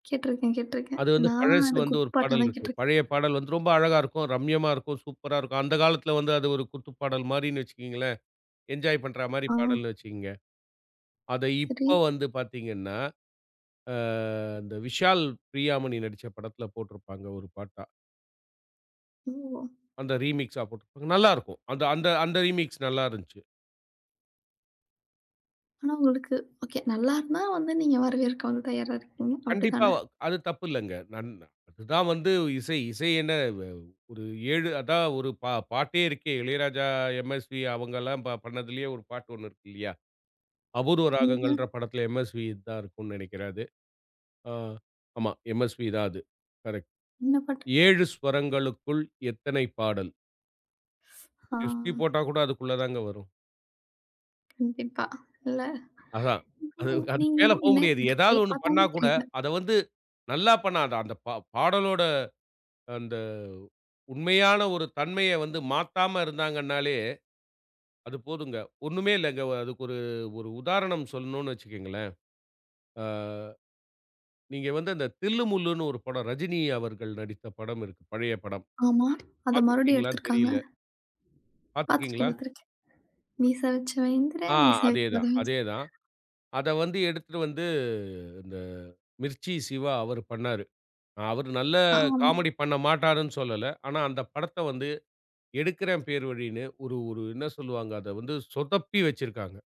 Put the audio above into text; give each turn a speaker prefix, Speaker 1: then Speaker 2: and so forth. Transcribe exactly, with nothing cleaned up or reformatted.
Speaker 1: கேட்டிருக்கேன் கேட்டிருக்கேன்.
Speaker 2: அது வந்து
Speaker 1: நானும்
Speaker 2: பழசு
Speaker 1: அத
Speaker 2: வந்து
Speaker 1: குத்
Speaker 2: ஒரு பாடல்
Speaker 1: பாட்டாதான்
Speaker 2: இருக்கு.
Speaker 1: கேட்டிருக்கேன்.
Speaker 2: பழைய பாடல் வந்து ரொம்ப அழகா இருக்கும். ரம்யமா இருக்கும். சூப்பரா இருக்கும். அந்தக் காலத்துல வந்து அது ஒரு குத்துப்பாடல் மாரினு வச்சீக்கங்களேன். என்ஜாய் பண்ற மாரி
Speaker 1: ஆ.
Speaker 2: பாடல் வச்சீக்கங்க. அத
Speaker 1: சேரி.
Speaker 2: இப்ப வந்து பார்த்தீங்கன்னா? அ, அந்த விஷால், பிரியா மணி நடிச்ச படத்துல போட்டுருப்பாங்க. ஒரு பாட்டா
Speaker 1: ஓ!
Speaker 2: அந்த ரீமிக்ஸ்சா போட்ருப்பாங்க. நல்லா இருக்கும். அந்த அந்த அந்த ரீமிக்ஸ் நல்லா இருந்துச்சு.
Speaker 1: ஆனா, உங்களுக்கு ஒகே நல்லா இருந்தா வந்து நீங்க வரவேற்கவும் தயாரா இருக்கீங்க
Speaker 2: கண்டிப்பா.
Speaker 1: அப்படித்தான?
Speaker 2: அது தப்பு இல்லங்க. நன் அது தான் வந்து இசை. இசை என்ன? வ ஒரு ஏழு அதான் ஒரு பா பாட்டே இருக்கே. இளையராஜா, எம்எஸ்வி அவங்கல்லாம் பண்ணதுலயே ஒரு பாட்டு ஒண்ணு இருக்கு இல்லையா? அபூர்வ
Speaker 1: என்னது?
Speaker 2: ராகங்கள்ன்ற. படத்துல எம்எஸ்வி தான் இருக்கும்னு நெனக்கிறேன் அது. ஆ, ஆமா. எம்எஸ்வி தான் அது. கரெக்ட்.
Speaker 1: என்ன பாட்டு?
Speaker 2: ஏழு ஸ்வரங்களுக்குள் எத்தனை பாடல்.
Speaker 1: ஸ் ஆ.
Speaker 2: எஸ்பி போட்டா கூட அதுக்குள்ளதாங்க வரும்?
Speaker 1: கண்டிப்பா. இல்ல.
Speaker 2: அதான். அதுக்கு மேல போ முடியாது.
Speaker 1: [unintelligible] ஒ கே
Speaker 2: ஏதாவது ஒண்ணு பண்ணா
Speaker 1: பார்த்தலே
Speaker 2: கூட
Speaker 1: தெரியுது.
Speaker 2: அத வந்து நல்லா பண்ணாத. அந்தப் ப பாடலோட அந்த உண்மையான ஒரு தன்மைய வந்து மாத்தாம இருந்தாங்கன்னாலே அது போதுங்க. ஒண்ணுமே இல்லைங்க. அதுக்கு ஒரு ஒரு உதாரணம் சொல்லணும்னு வச்சுக்கோங்களேன், அ நீங்க வந்து அந்த தில்லு முல்லுன்னு ஒரு படம். ரஜினி அவர்கள் நடித்த படம் இருக்கு. பழைய படம்
Speaker 1: ஆமா. அத
Speaker 2: பாத்து
Speaker 1: மறுபடியும்
Speaker 2: இருக்கீங்களான்னு
Speaker 1: எடுத்திருக்காங்க,
Speaker 2: தெரியல.
Speaker 1: பாத்துருக்கேன்
Speaker 2: பாத்துருக்கீங்களா?
Speaker 1: பாத்துருக்கேன். மீச வச்சவன் இந்திர,
Speaker 2: ஆ.
Speaker 1: மீச
Speaker 2: அதே தான்
Speaker 1: வக்காதவன் ச
Speaker 2: அதே தான். அத வந்து எடுத்துட்டு வந்து இந்த மிர்ச்சி சிவா அவரு பண்ணாரு. அவரு நல்லா
Speaker 1: ஆமா.
Speaker 2: காமெடி பண்ண மாட்டாருன்னு சொல்லல. ஆனா அந்தப் படத்த வந்து எடுக்குறேன் பேர் வழினு ஒரு ஒரு என்ன சொல்லுவாங்க. அத வந்து சொதப்பி வச்சிருக்காங்க.